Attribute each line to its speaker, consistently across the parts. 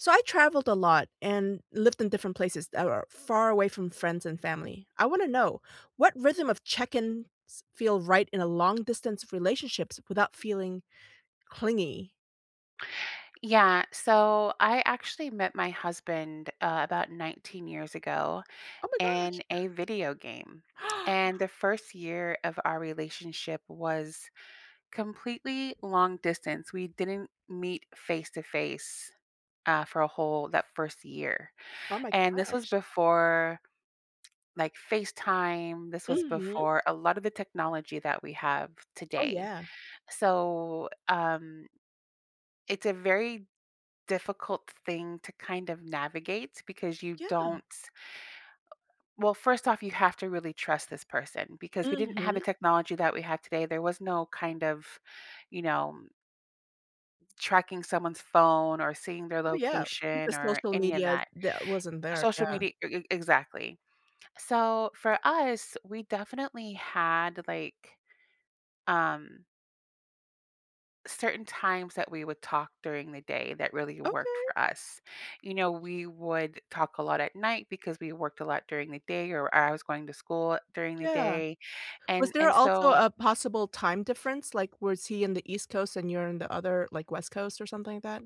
Speaker 1: So I traveled a lot, and lived in different places that are far away from friends and family. I wanna know; what rhythm of check-ins feel right in a long distance relationships without feeling clingy?
Speaker 2: Yeah, so I actually met my husband, uh, about 19 years ago
Speaker 1: Oh my gosh.
Speaker 2: in a video game. And the first year of our relationship was completely long distance. We didn't meet face to face, uh, for a whole that 1st year.
Speaker 1: Oh my
Speaker 2: And this was
Speaker 1: gosh.
Speaker 2: before, like, FaceTime; this was
Speaker 1: Mhm.
Speaker 2: before a lot of the technology that we have
Speaker 1: Oh,
Speaker 2: today.
Speaker 1: yeah.
Speaker 2: So, um it's a very difficult thing to kind of navigate, because you
Speaker 1: Yeah.
Speaker 2: don't Well, first off, you have to really trust this person, because we didn't have the
Speaker 1: Mhm.
Speaker 2: technology that we have today. There was no kind of, you know tracking someone's phone, or seeing their
Speaker 1: Oh, yeah. The
Speaker 2: location, or
Speaker 1: social
Speaker 2: any of
Speaker 1: media
Speaker 2: that.
Speaker 1: that wasn't there,
Speaker 2: Social
Speaker 1: yeah.
Speaker 2: media e e exactly. So for us, we definitely had, like, um certain times that we would talk during the day that really worked
Speaker 1: Okay.
Speaker 2: for us. You know, we would talk a lot at night, because we worked a lot during the day, or I I was going to school during the
Speaker 1: Yeah.
Speaker 2: day.
Speaker 1: Was
Speaker 2: And
Speaker 1: there
Speaker 2: and
Speaker 1: also
Speaker 2: so
Speaker 1: a possible time difference? Like, was he in the East Coast and you're in the other, like, West Coast, or something like that?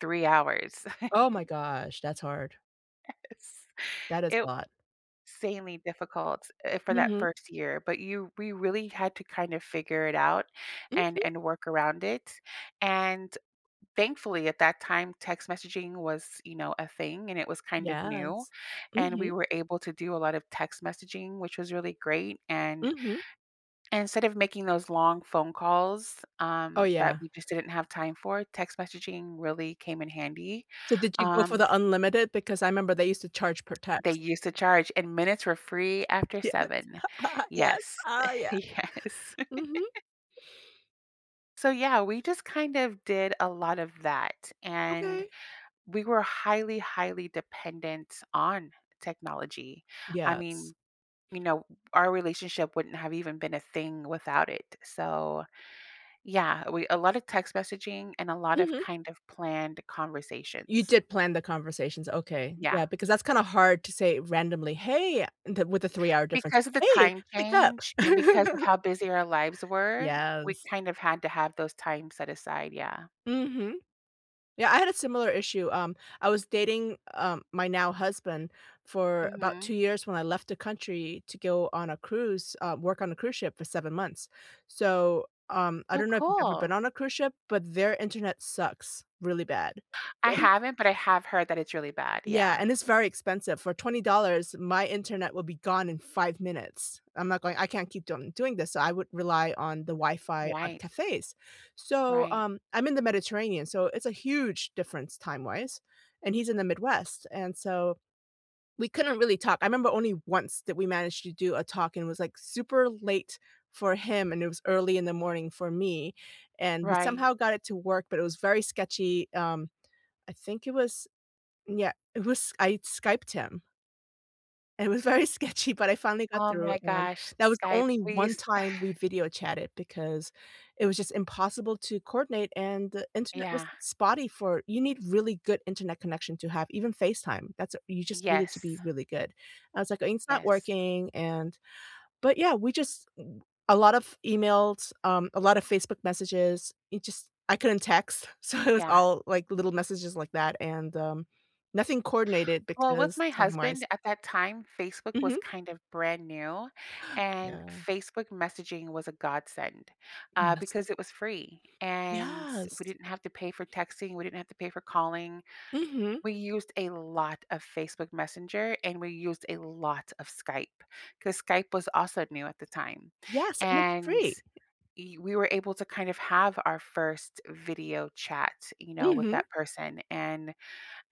Speaker 2: 3 hours.
Speaker 1: Oh my gosh. That's hard.
Speaker 2: Yes.
Speaker 1: That is a
Speaker 2: It
Speaker 1: lot.
Speaker 2: sanely difficult, eh, for that
Speaker 1: Mhm.
Speaker 2: first year, but you we really had to kinda figure it out, and
Speaker 1: Mhm.
Speaker 2: and work around it. And, thankfully, at that time, text messaging was, you know, a thing, and it was kind of new.
Speaker 1: Yes.
Speaker 2: And we
Speaker 1: Mhm.
Speaker 2: were able to do a lot of text messaging, which was really great, and
Speaker 1: Mhm.
Speaker 2: and instead of making those long phone calls,
Speaker 1: Oh,
Speaker 2: um, that
Speaker 1: yeah.
Speaker 2: we just didn't have time for, text messaging really came in handy.
Speaker 1: So did you go for
Speaker 2: Um,
Speaker 1: the
Speaker 2: f
Speaker 1: unlimited? Because I member they used to charge per
Speaker 2: They
Speaker 1: text.
Speaker 2: used to charge, and minutes were free after
Speaker 1: Yes.
Speaker 2: 7.
Speaker 1: Yes.
Speaker 2: Yes.
Speaker 1: Ah, yeah.
Speaker 2: Yes.
Speaker 1: Mhm.
Speaker 2: So, yeah, we just, kind of, did a lot of that, and,
Speaker 1: Okay.
Speaker 2: we were highly, highly dependent on technology. I
Speaker 1: Yes.
Speaker 2: mean, you know, our relationship wouldn't have even been a thing without it, so, yeah, we a lotta text messaging, and a lot of,
Speaker 1: Mhm.
Speaker 2: kind of, planned
Speaker 1: You
Speaker 2: conversations.
Speaker 1: did plan the conversations, okay.
Speaker 2: Yeah.
Speaker 1: Yeah, because that's kinda hard to say randomly, "Hey," the with a 3 hour difference,
Speaker 2: Because of the
Speaker 1: "Hey,
Speaker 2: time
Speaker 1: pick up."
Speaker 2: change, and because of how busy our lives were, we
Speaker 1: Yes.
Speaker 2: kind of had to have those times set aside, yeah.
Speaker 1: Mhm. Yeah, I had a similar issue. Um, I was dating, um, my now husband, for about 2
Speaker 2: Mhm.
Speaker 1: years when I left the country to go on a cruise um, work on a cruise ship for 7 months. So, um, I
Speaker 2: Oh,
Speaker 1: don't know if you've ever been
Speaker 2: cool.
Speaker 1: on a cruise ship, but their internet sucks, really bad.
Speaker 2: I haven't, but I have heard that it's really bad,
Speaker 1: Yeah,
Speaker 2: yeah.
Speaker 1: and it's very expensive. For $20, my internet will be gone in 5 minutes. I'm not going I can't keep doin doing this, so I would rely on the Wi-Fi on
Speaker 2: Why?
Speaker 1: cafes. So,
Speaker 2: Right.
Speaker 1: um, I'm in the Mediterranean, so it's a huge difference time-wise, and he's in the Midwest, and so, we couldn't really talk. I remember only once that we managed to do a talk, and it was, like, super late for him, and it was early in the morning for me, and we
Speaker 2: Right.
Speaker 1: somehow got it to work, but it was very sketchy. Um, I think it was yeah, it was I Skyped him. It was very sketchy, but I finally got
Speaker 2: Oh
Speaker 1: through,
Speaker 2: my
Speaker 1: and
Speaker 2: gosh, S
Speaker 1: that was the
Speaker 2: Skype,
Speaker 1: only
Speaker 2: we
Speaker 1: one
Speaker 2: use
Speaker 1: time we video chatted because it was just impossible to coordinate, and the internet was
Speaker 2: Yeah.
Speaker 1: spotty for you need really good internet connection to have, even FaceTime, that's a you just need it to
Speaker 2: Yes.
Speaker 1: be really good. I was like, "Uh it's not
Speaker 2: Yes.
Speaker 1: working," and, but, yeah, we just a lot of emails, um, a lotta Facebook messages, it just I couldn't text, so it was
Speaker 2: Yeah.
Speaker 1: all, like, little messages like that and, um, nothing coordinated
Speaker 2: Well, with
Speaker 1: because
Speaker 2: my
Speaker 1: timewise
Speaker 2: husband, at that time, Facebook was
Speaker 1: Mhm.
Speaker 2: kind of brand new, and
Speaker 1: Yeah.
Speaker 2: Facebook messaging was a godsend, uh,
Speaker 1: Goodness.
Speaker 2: because it was free, and
Speaker 1: Yes.
Speaker 2: we didn't have to pay for texting, we didn't have to pay for calling.
Speaker 1: Mhm.
Speaker 2: We used a lot of Facebook Messenger, and we used a lot of Skype, 'cause Skype was also new at the time.
Speaker 1: Yes, and it's
Speaker 2: And
Speaker 1: free.
Speaker 2: e we were able to kind of have our 1st video chat, you know, with
Speaker 1: Mhm.
Speaker 2: that person, and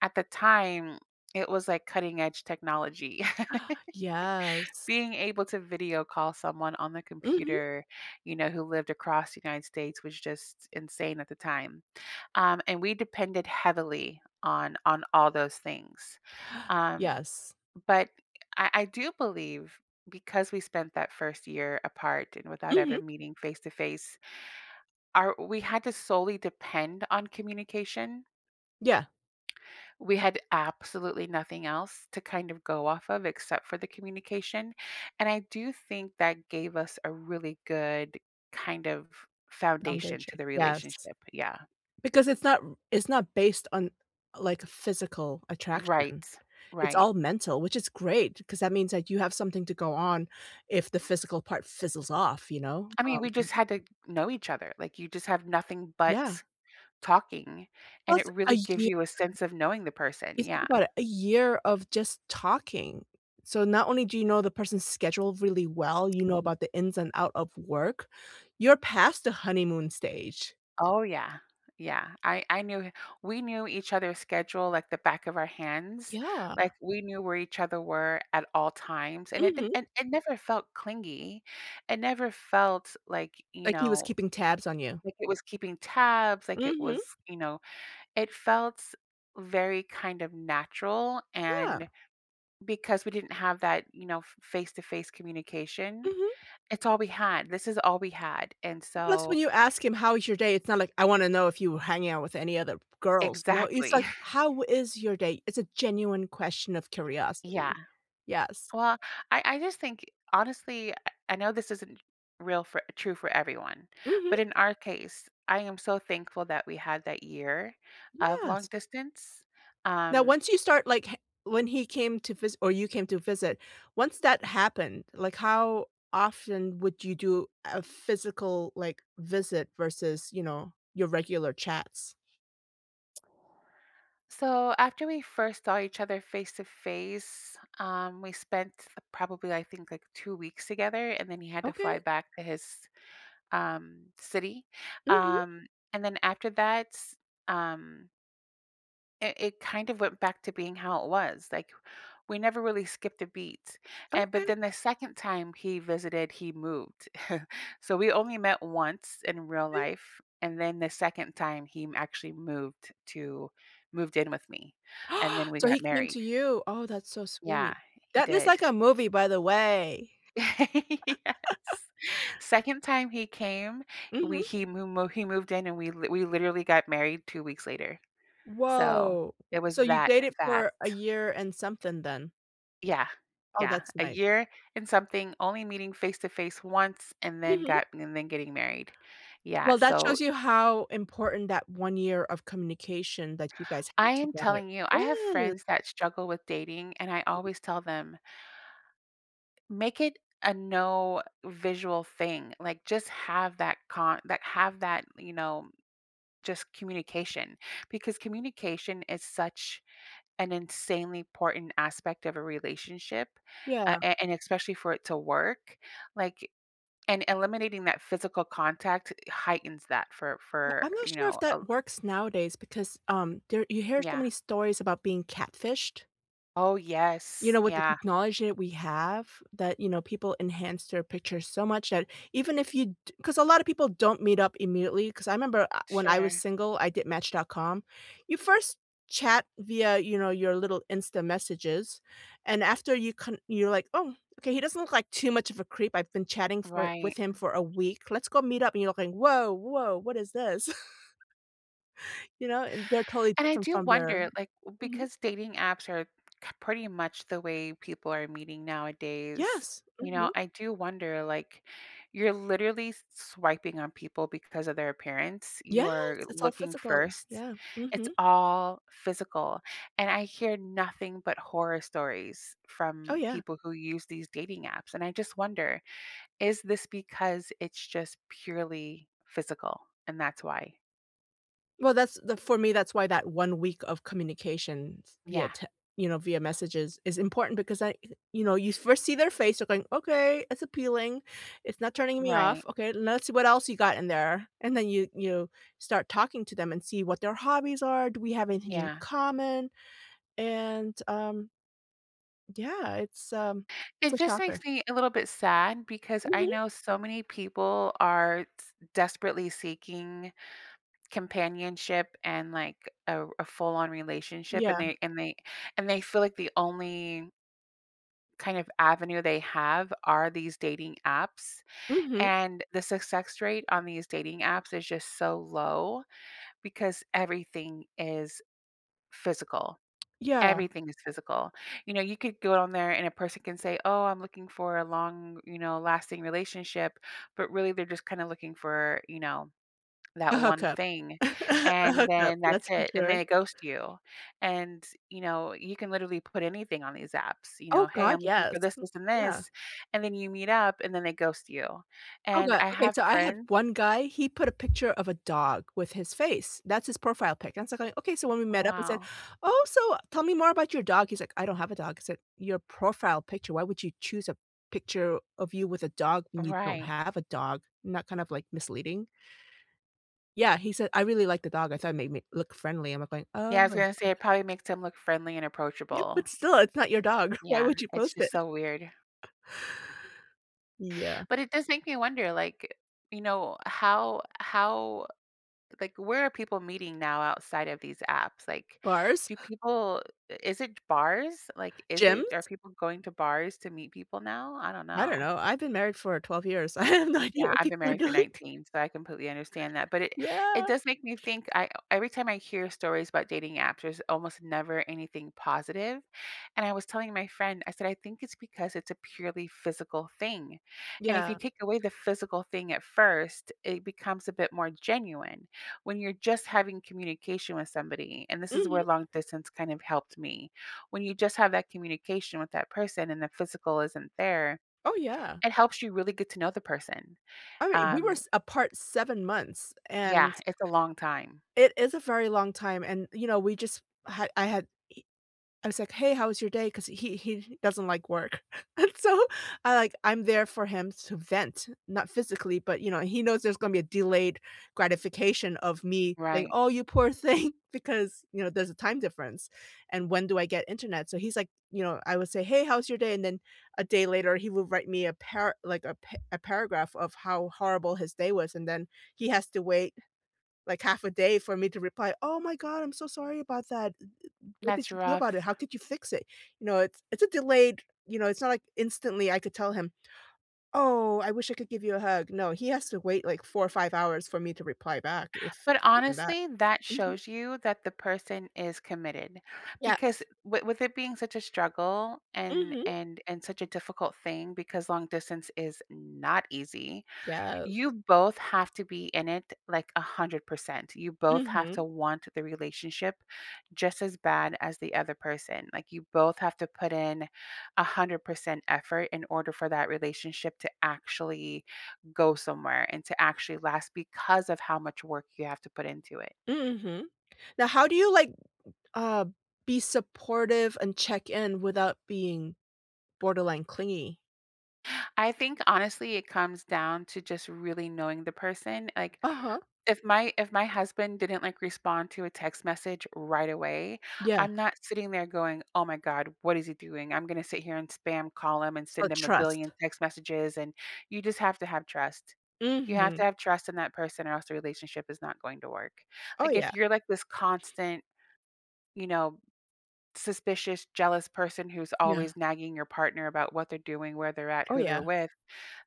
Speaker 2: at the time, it was like cutting-edge technology.
Speaker 1: Yes.
Speaker 2: Being able to video call someone on the
Speaker 1: Mhm.
Speaker 2: computer, you know, who lived across United States was just insane at the time. Um, and we depended heavily on on all those things. Um,
Speaker 1: Yes.
Speaker 2: but I I do believe, because we spent that 1st year apart and without ever
Speaker 1: Mhm.
Speaker 2: meeting face to face, our we had to solely depend on communication
Speaker 1: Yeah.
Speaker 2: We had absolutely nothing else to kind of go off of except for the communication, and I do think that gave us a really good kind of foundation
Speaker 1: Foundation,
Speaker 2: to the
Speaker 1: yes.
Speaker 2: relationship, yeah.
Speaker 1: Because it's not r it's not based on, like, a physical attraction.
Speaker 2: Right.
Speaker 1: It's
Speaker 2: Right.
Speaker 1: all mental, which is great, 'cause that means that you have something to go on if the physical part fizzles off, you know,
Speaker 2: I mean, we
Speaker 1: um
Speaker 2: just had to know each other. Like, you just have nothing
Speaker 1: Yeah.
Speaker 2: but talking, and it
Speaker 1: Plus a
Speaker 2: really gives
Speaker 1: year.
Speaker 2: you a sense of knowing the person.
Speaker 1: You think
Speaker 2: Yeah.
Speaker 1: about it, a year of just talking. So not only do you know the person's schedule really well, you know
Speaker 2: Ye
Speaker 1: about the ins and out of work, you're past the honeymoon stage.
Speaker 2: Oh, yeah. Yeah. I I knew we knew each other's schedule, like, the back of our hands.
Speaker 1: Yeah.
Speaker 2: Like, we knew where each other were at all times, and it
Speaker 1: Mhm.
Speaker 2: didn and it never felt clingy. It never felt like, you
Speaker 1: Like he was
Speaker 2: know
Speaker 1: keeping tabs on you.
Speaker 2: like it was keeping tabs, like it
Speaker 1: Mhm.
Speaker 2: was you know, it felt very kind of natural,
Speaker 1: Yeah.
Speaker 2: and because we didn't have that, you know, f face to face communication,
Speaker 1: Mhm.
Speaker 2: it's all we had, this is all we had. And
Speaker 1: Plus
Speaker 2: so
Speaker 1: when you ask him "How is your day?" It's not like, "I wanna know if you were hanging out with any other girls", no, it's
Speaker 2: Exactly.
Speaker 1: like, "How is your day?" It's a genuine question of
Speaker 2: Yeah.
Speaker 1: curiosity. Yes.
Speaker 2: Well, I I just think, honestly, I I know this isn't real for true for everyone.
Speaker 1: Mhm.
Speaker 2: But in our case, I am so thankful that we had that year of long
Speaker 1: Yes.
Speaker 2: distance,
Speaker 1: Now
Speaker 2: um
Speaker 1: once you start like ha when he came to visi or you came to visit, once that happened, like, how often would you do a physical, like, visit versus, you know, your regular chats?
Speaker 2: So after we first saw each other face to face, um, we spent probably, I think, like, 2 weeks together, and then he had to fly
Speaker 1: Okay.
Speaker 2: back to his, um, city.
Speaker 1: Mhm.
Speaker 2: Um, and then after that, um it it kind of went back to being how it was, like, we never really skipped a beat. And but
Speaker 1: Okay.
Speaker 2: then the 2nd time he visited, he moved. So we only met once in real
Speaker 1: Okay.
Speaker 2: life, and then the 2nd time, he actually moved t to moved in with me, and then we
Speaker 1: So
Speaker 2: got
Speaker 1: he came
Speaker 2: married.
Speaker 1: to you- oh, that's so
Speaker 2: Yeah,
Speaker 1: sweet.
Speaker 2: he
Speaker 1: That is
Speaker 2: did.
Speaker 1: like a movie, by the way!
Speaker 2: Yes. 2nd time he came, we
Speaker 1: Mhm.
Speaker 2: he moo mo he moved in, and we lit we literally got married 2 weeks later. So
Speaker 1: Whoa.
Speaker 2: it was
Speaker 1: So you
Speaker 2: that
Speaker 1: dated
Speaker 2: fat.
Speaker 1: for a year and something then?
Speaker 2: Yeah.
Speaker 1: Oh,
Speaker 2: Yeah,
Speaker 1: that's
Speaker 2: a
Speaker 1: nice.
Speaker 2: year and something, only meeting face to face once, and then
Speaker 1: Mhm.
Speaker 2: got and then getting married. Yeah,
Speaker 1: Well, that
Speaker 2: so
Speaker 1: shows you how important that 1 year of communication that you guys had
Speaker 2: I am
Speaker 1: together
Speaker 2: telling you, I have
Speaker 1: i
Speaker 2: friends that struggle with dating, and I always tell them "Make it a no visual thing," like, just have that con that have that, you know, just communication because communication is such an insanely important aspect of a relationship
Speaker 1: Yeah.
Speaker 2: a a and especially for it to work, like and eliminating that physical contact heightens that for
Speaker 1: Yeah,
Speaker 2: for,
Speaker 1: I'm not
Speaker 2: you
Speaker 1: sure if
Speaker 2: know,
Speaker 1: that
Speaker 2: a li
Speaker 1: works nowadays because, um, there you hear so
Speaker 2: Yeah.
Speaker 1: many stories about being catfished.
Speaker 2: Oh,
Speaker 1: You
Speaker 2: yes,
Speaker 1: know, with the
Speaker 2: yeah.
Speaker 1: technology that we have that, you know, people enhance their pictures so much that even if you do 'cause a lot of people don't meet up immediately, 'cause I 'member I when I was
Speaker 2: Sure.
Speaker 1: single, I did match.com. You first chat via, you know, your little Insta messages. And after you con you're like, "Oh, okay, he doesn't look like too much of a creep. I've been chatting for
Speaker 2: Right,
Speaker 1: with him
Speaker 2: mm.
Speaker 1: for a week. Let's go meet up," and you're looking, "Whoa, whoa, what is this?" You know, and they're totally
Speaker 2: And I
Speaker 1: different
Speaker 2: do
Speaker 1: from their
Speaker 2: wonder, like,
Speaker 1: Mhm.
Speaker 2: because dating apps are c pretty much the way people are meeting nowadays.
Speaker 1: Yes!
Speaker 2: You
Speaker 1: Mhm.
Speaker 2: know, I do wonder, like, you're literally s swiping on people because of their appearance,
Speaker 1: Yeah.
Speaker 2: you are
Speaker 1: It's all
Speaker 2: looking
Speaker 1: physical.
Speaker 2: first.
Speaker 1: Yeah,
Speaker 2: It's
Speaker 1: mhm.
Speaker 2: all physical. And I hear nothing but horror stories
Speaker 1: Oh,
Speaker 2: from
Speaker 1: yeah.
Speaker 2: people who use these dating apps, and I just wonder, "Is this because it's just purely physical?" And that's why
Speaker 1: Well, that's t for me, that's why that 1 week of communications via,
Speaker 2: Yeah.
Speaker 1: te you know, via messages is important because, I eh you know, you first see their face. You're going, "Okay, it's appealing, it's not turning me
Speaker 2: Right.
Speaker 1: off, okay, let's see what else you got in there." And then you you start talking to them and see what their hobbies are, do we have anything in
Speaker 2: Yeah.
Speaker 1: common? And, um Yeah, it's, um, it's a
Speaker 2: It just
Speaker 1: shocker.
Speaker 2: makes me a little bit sad because I
Speaker 1: Mhm.
Speaker 2: know so many people are t desperately seeking companionship and, like, a r a full-on relationship, and
Speaker 1: Yeah.
Speaker 2: they and they and they feel like the only kind of avenue they have are these dating apps,
Speaker 1: Mhm.
Speaker 2: and the success rate on these dating apps is just so low, because everything is physical.
Speaker 1: Yeah.
Speaker 2: Everything is physical. You know, you could go on there and a person can say, "Oh, I'm looking for a long, you know, lasting relationship," but, really, they're just kinda looking for, you know,
Speaker 1: A
Speaker 2: that one
Speaker 1: hookup.
Speaker 2: thing,
Speaker 1: A
Speaker 2: and
Speaker 1: hookup,
Speaker 2: then that's
Speaker 1: that's for
Speaker 2: it, and
Speaker 1: sure.
Speaker 2: they ghost you. And, you know, you can literally put anything on these apps, you
Speaker 1: Oh
Speaker 2: know, "Hey,
Speaker 1: god,
Speaker 2: I'm looking
Speaker 1: yes.
Speaker 2: for this, this, and
Speaker 1: Yeah.
Speaker 2: this," and then you meet up, and then they ghost you,
Speaker 1: Oh
Speaker 2: and
Speaker 1: god,
Speaker 2: I
Speaker 1: okay,
Speaker 2: have
Speaker 1: so I had
Speaker 2: friends
Speaker 1: one guy, he put a picture of a dog with his face. That's his profile pic, and so I'm like, "okay," so when we met up, I said,
Speaker 2: Wow.
Speaker 1: "Oh, so tell me more about your dog," he's like, "I don't have a dog." I said, "Your profile picture, why would you choose a picture of you with a dog when you don't
Speaker 2: Right.
Speaker 1: have a dog?" Isn't that kind of, like, misleading? Yeah, he said, "I really like the dog, I thought it made me look friendly." I'm like, "Oh,
Speaker 2: Yeah, I was
Speaker 1: ok"
Speaker 2: gonna say it probably makes him look friendly and
Speaker 1: Yep,
Speaker 2: approachable.
Speaker 1: but still, it's not your dog, why
Speaker 2: Yeah,
Speaker 1: would you
Speaker 2: it's
Speaker 1: post it?
Speaker 2: just so weird.
Speaker 1: Yeah.
Speaker 2: But it does make me wonder, like, you know, how how like, where are people meeting now outside of these apps? Like,
Speaker 1: Bars.
Speaker 2: do people is it bars? Like, is it are
Speaker 1: Gyms?
Speaker 2: people going to bars to meet people now? I don't
Speaker 1: I
Speaker 2: know.
Speaker 1: don't know, I've been married for 12 years, I have no idea
Speaker 2: Yeah,
Speaker 1: what
Speaker 2: I've been
Speaker 1: people are
Speaker 2: married for
Speaker 1: doing.
Speaker 2: 19, so I completely understand that, but it it
Speaker 1: Yeah.
Speaker 2: does make me think I every time I hear stories about dating apps, there's almost never anything positive, and I was telling my friend, I said, "I think it's because it's a purely physical thing, and if
Speaker 1: Yeah.
Speaker 2: you take away the physical thing at first, it becomes a bit more genuine when you're just having communication with somebody," and this is
Speaker 1: Mhm.
Speaker 2: where long distance kind of helped me. When you just have that communication with that person and the physical isn't there,
Speaker 1: Oh, yeah.
Speaker 2: it helps you really get to know the person.
Speaker 1: I mean, we were
Speaker 2: Um
Speaker 1: s apart 7 months,
Speaker 2: Yeah,
Speaker 1: and
Speaker 2: it's a long time.
Speaker 1: It is a very long time, and, you know, we just had I had he I was like, "Hey, how was your day?" 'Cause he he doesn't like work, and so I, like, I'm there for him to vent, not physically, but, you know, he knows there's gonna be a delayed gratification of me saying,
Speaker 2: Right.
Speaker 1: "Oh, you poor thing," because, you know, there's a time difference, and when do I get Internet? So, he's like you know, I would say, "Hey, how's your day?" And then a day later, he would write me a para like, a a par paragraph of how horrible his day was, and then he has to wait, like, half a day for me to reply, "Oh my god, I'm so sorry about that, eh eh what did
Speaker 2: That's
Speaker 1: you do about it?
Speaker 2: rough.
Speaker 1: How could you fix it?" You know, it's it's a delayed, you know, it's not like instantly I could tell him, "Oh, I wish I could give you a hug." No, he has to wait, like, 4 or 5 hours for me to reply back if
Speaker 2: But
Speaker 1: even that.
Speaker 2: honestly, that
Speaker 1: Mhm.
Speaker 2: shows you that the person is committed, because
Speaker 1: Yes.
Speaker 2: w with it being such a struggle and
Speaker 1: Mhm.
Speaker 2: and and such a difficult thing because long distance is not easy,
Speaker 1: Yes.
Speaker 2: you both have to be in it, like, 100%. You both have to
Speaker 1: Mhm.
Speaker 2: want the relationship just as bad as the other person, like, you both have to put in 100% effort in order for that relationship to actually go somewhere and to actually last because of how much work you have to put into it.
Speaker 1: Mhm. Now how do you, like, uh, be supportive and check in without being borderline clingy?
Speaker 2: I think honestly, it comes down to just really knowing the person, like,
Speaker 1: Uh-huh.
Speaker 2: if my if my husband didn't, like, respond to a text message right away,
Speaker 1: Yeah.
Speaker 2: I'm not sitting there going, "Oh my god what is he doing? I'm gonna sit here and spam call him and
Speaker 1: So
Speaker 2: send him a billion
Speaker 1: trust.
Speaker 2: text messages, and" you just have to have trust. You have
Speaker 1: Mhm.
Speaker 2: to have trust in that person or else the relationship is not going to work.
Speaker 1: Oh,
Speaker 2: Like,
Speaker 1: yeah.
Speaker 2: if you're, like, this constant, you know, suspicious, jealous person who's
Speaker 1: Yeah.
Speaker 2: always nagging your partner about what they're doing, where they're at,
Speaker 1: Oh,
Speaker 2: who
Speaker 1: yeah.
Speaker 2: they're with,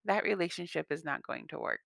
Speaker 2: that relationship is not going to work.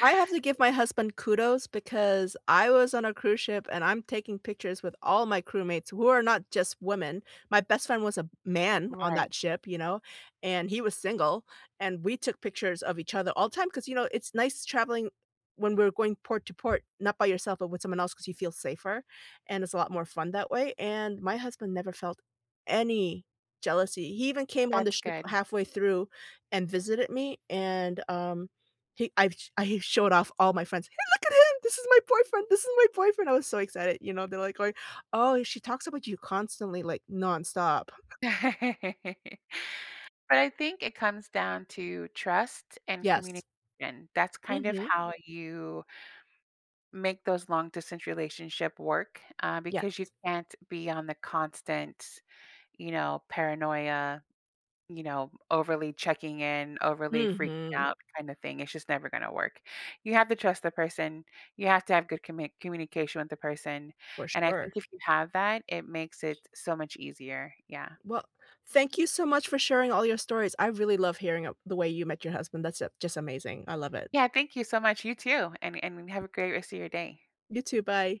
Speaker 1: I have to give my husband kudos because I was on a cruise ship, and I'm taking pictures with all my crewmates who are not just women, my best friend was a m man on
Speaker 2: Right.
Speaker 1: that ship, you know? And he was single, and we took pictures of each other all time ‘cause, you know, it's nice traveling when we're going port to port, not by yourself, but with someone else 'cause you feel safer, and it's a lot more fun that way, and my husband never felt any jealousy, he even came on the
Speaker 2: That's
Speaker 1: ship
Speaker 2: good.
Speaker 1: halfway through and visited me, and, um, he I've I showed off all my friends, "Hey, look at him, this is my boyfriend, this is my boyfriend," I was so excited, you know? They're like going, "Oh, she talks about you constantly, like, nonstop."
Speaker 2: But I think it comes down to trust and
Speaker 1: Yes.
Speaker 2: communication, that's kind of
Speaker 1: Mhm.
Speaker 2: how you make those long distance relationship work, uh, because you
Speaker 1: Yes.
Speaker 2: can't be on the constant, you know, paranoia, you know, overly checking in, overly freaking
Speaker 1: Mhm.
Speaker 2: out kind of thing, it's just never gonna work. You have to trust the person. You have to have good commit communication with the person,
Speaker 1: For
Speaker 2: and I think
Speaker 1: sure.
Speaker 2: if you have that, it makes it so much easier, yeah.
Speaker 1: Well, thank you so much for sharing all your stories, I really love hearing, uh, the way you met your husband, that's, uh, just amazing, I love it.
Speaker 2: Yeah, thank you so much, you too, and and have a great rest of your day.
Speaker 1: You too, bye.